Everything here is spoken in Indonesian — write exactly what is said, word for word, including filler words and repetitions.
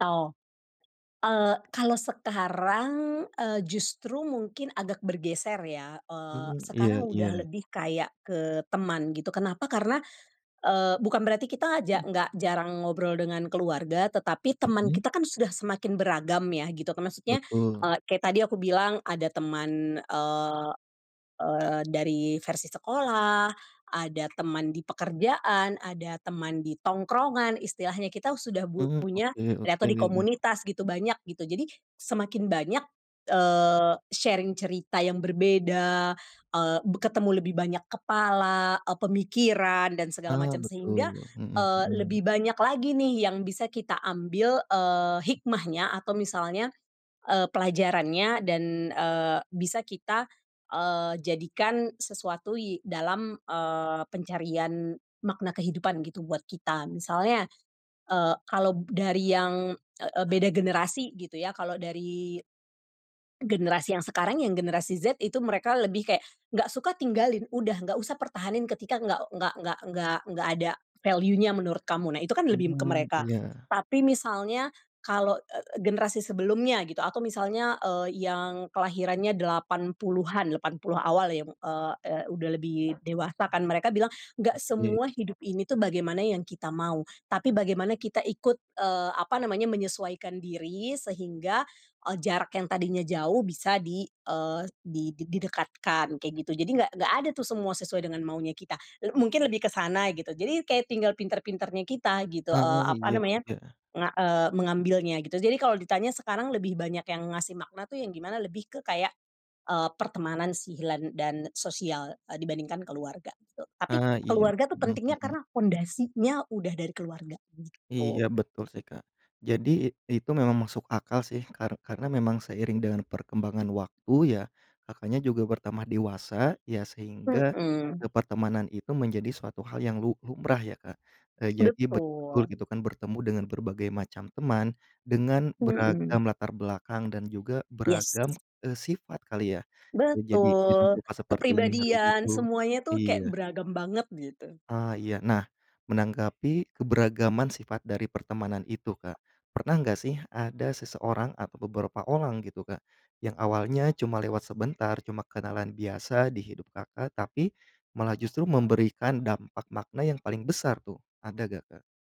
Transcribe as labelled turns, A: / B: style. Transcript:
A: Tao. Ale kalau sekarang, eee, justru mungkin agak bergeser ya, eee,
B: Hmm,
A: sekarang
B: iya,
A: udah
B: iya.
A: lebih kayak ke teman gitu kenapa karena, eee, bukan berarti kita aja
B: [unintelligible]
A: enggak jarang ngobrol dengan keluarga, tetapi teman
B: Mhm.
A: kita kan sudah semakin beragam ya, gitu. Maksudnya
B: Betul.
A: [unintelligible] kayak tadi aku bilang ada teman, eee, eee, dari versi sekolah, ada teman di pekerjaan, ada teman di tongkrongan, istilahnya kita sudah bu
B: Hmm,
A: punya
B: oke,
A: atau di
B: oke.
A: komunitas gitu banyak gitu, jadi semakin banyak eee, sharing cerita yang berbeda, eee, be ketemu lebih banyak kepala, eee, pemikiran dan segala
B: Ala
A: macam sehingga,
B: betul, hmm,
A: eee,
B: hmm.
A: lebih banyak lagi nih yang bisa kita ambil, eee, hikmahnya atau misalnya, eee, pelajarannya dan, eee, bisa kita, eee, jadikan sesuatu ye dalam, eee, pencarian makna kehidupan gitu buat kita. Misalnya. Eee, kalau dari yang, eee, eee, beda generasi gitu ya kalau dari generasi yang sekarang yang generasi Z itu mereka lebih kayak enggak suka tinggalin udah, enggak usah pertahanin ketika enggak enggak enggak enggak enggak ada valuenya menurut kamu. Nah itu kan lebih ke
B: Hmm,
A: mereka.
B: iya.
A: Tapi misalnya kalo, eee, eee, generasi sebelumnya gitu atau misalnya, eee, yang kelahirannya delapan puluhan delapan puluh awal yang, eee, eee, udah lebih dewasa kan mereka bilang enggak
B: Oke.
A: semua hidup ini tuh bagaimana yang kita mau, tapi bagaimana kita ikut, eee, apa namanya menyesuaikan diri sehingga, eee, jarak yang tadinya jauh bisa di, eee, di didekatkan kayak gitu jadi enggak, enggak ada tuh semua sesuai dengan maunya kita, le -mungkin lebih ke sana gitu jadi kayak tinggal pinter-pinternya kita gitu,
B: Ah,
A: eee, apa
B: iya,
A: namanya.
B: iya.
A: Nga eee, mengambilnya gitu, jadi kalau ditanya sekarang lebih banyak yang ngasih makna tuh yang gimana lebih ke kayak, eee, pertemanan si hilan dan sosial, eee, dibandingkan keluarga gitu, tapi
B: Ah iya,
A: keluarga tuh
B: hmm,
A: pentingnya
B: hmm.
A: karena pondasinya udah dari keluarga, gitu.
B: Iya, betul sih Kak, jadi i itu memang masuk akal sih kar karena memang seiring dengan perkembangan waktu ya Kakaknya, juga bertambah dewasa ya sehingga
A: Mhm.
B: ke pertemanan itu menjadi suatu hal yang lu lumrah ya, Kak. Nah jadi betul
A: Betul.
B: gitu kan bertemu dengan berbagai macam teman, dengan
A: Mhm.
B: beragam latar belakang dan juga
A: Yes.
B: beragam, eee, sifat kali ya jadi dengan
A: Betul,
B: sifat seperti ini harus
A: kepribadian
B: gitu,
A: semuanya tuh kayak
B: iya.
A: beragam banget gitu.
B: Ah iya, nah menanggapi keberagaman sifat dari pertemanan itu Kak, pernah enggak sih ada seseorang atau beberapa orang gitu Kak, yang awalnya cuma lewat sebentar cuma kenalan biasa di hidup Kakak, tapi malah justru memberikan dampak makna yang paling besar tuh ada enggak, Kak?